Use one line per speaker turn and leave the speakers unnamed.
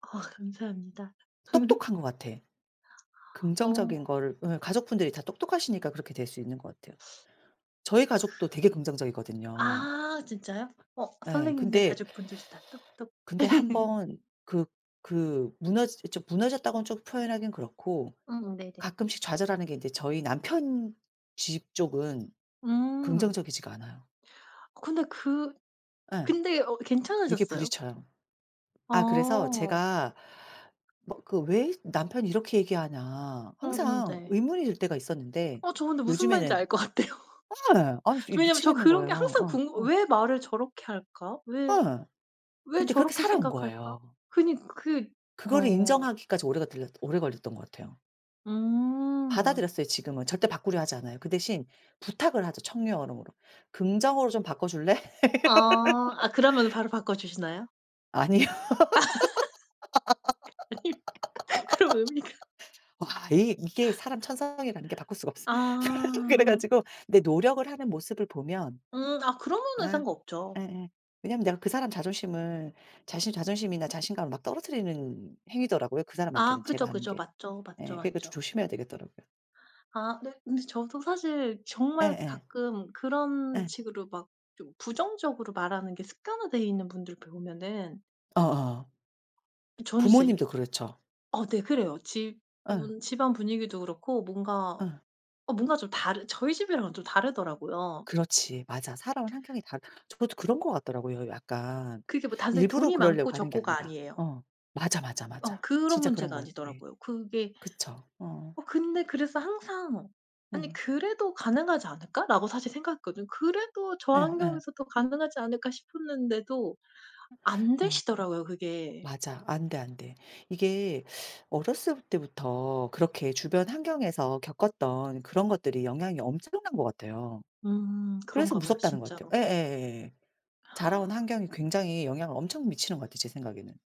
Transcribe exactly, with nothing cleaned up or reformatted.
아 감사합니다.
똑똑한 것 같아. 긍정적인
어.
거를 예 가족분들이 다 똑똑하시니까 그렇게 될 수 있는 것 같아요. 저희
그
가족도 되게 긍정적이거든요.
아 진짜요? 어
예
선생님들
근데
가족분들도 다 똑똑
근데 한 번 그 그 무너지 저 무너졌다곤 좀 표현하긴 그렇고
음 네네.
가끔씩 좌절하는 게 이제 저희 남편 집 쪽은
음.
긍정적이지가 않아요.
근데 그
예.
근데 어
되게
괜찮으셨어요?
부딪혀요. 아 그래서
어.
제가 막 그 왜 남편이 이렇게 얘기하나
음음
항상
네.
의문이 들 때가 있었는데
어 저 근데 무슨 말인지
요즘에는
알 것 같아요.
예 아니 저 이
저 왜냐면 저
미치겠는
그런 게
거예요.
항상
어
궁금
어.
'왜 말을 저렇게 할까? 왜
예.
왜
근데 그렇게
저렇게
살아온
생각할까?'
거예요.
그니 그
그거를
어.
인정하기까지 오래가 들렸 오래 걸렸던 것 같아요.
음.
받아들였어요 지금은. 절대 바꾸려 하지 않아요. 그 대신 부탁을 하죠, 청유 언어 뭐로. "긍정어로 좀 바꿔줄래?"
아. 아 그러면은 바로 바꿔 주시나요?
아니요.
그니까. 그럼 의미가
와 이 이게 사람 천성이라는 게 바꿀 수가 없어. 그래
아.
가지고 근데 노력을 하는 모습을 보면
음 아 그러면은
예.
상관없죠.
예예. 왜냐하면 내가 그 사람 자존심을 자신의 자존심이나 자신감을 막 떨어뜨리는 행위더라고요, 그
아
사람한테는 제가
그죠,
하는
그죠.
게.
맞죠, 맞죠,
예 그러니까 좀
맞죠.
조심해야 되겠더라고요.
아 네 근데 저도 사실 정말
예예.
가끔 그런
예.
식으로 막 좀 부정적으로 말하는 게 습관화돼 있는 분들 보면은
어어.
저는 진짜 이
부모님도 그렇죠.
어 네 그래요.
예.
집은 집안 분위기도 그렇고 뭔가
예.
어 뭔가 좀 다르 저희 집이랑은 좀 다르더라고요.
그렇지. 맞아. 살아온 환경이 다 저도 그런 것 같더라고요. 약간
그게 뭐 단순히
일부러
돈이 많고
그러려고 하는 게
적고가
아니라.
아니에요.
어. 맞아, 맞아,
어
맞아.
그런
진짜 그런
문제가
것 같아.
아니더라고요. 그게
그쵸. 어.
어 근데 그래서 항상 '아니
음.
그래도 가능하지 않을까?'라고 사실 생각했거든요. '그래도 저
예 예.
환경에서도 가능하지 않을까?' 싶었는데도 안
어 어.
되시더라고요 그게.
맞아. 안돼, 안돼. 이게 어렸을 때부터 그렇게 주변 환경에서 겪었던 그런 것들이 영향이 엄청난 것 같아요.
음
그래서
그런가 봐요
무섭다는 것
진짜로.
같아요. 예예. 예예예. 자라온 환경이 굉장히 영향을 엄청 미치는 것 같아요, 제 생각에는.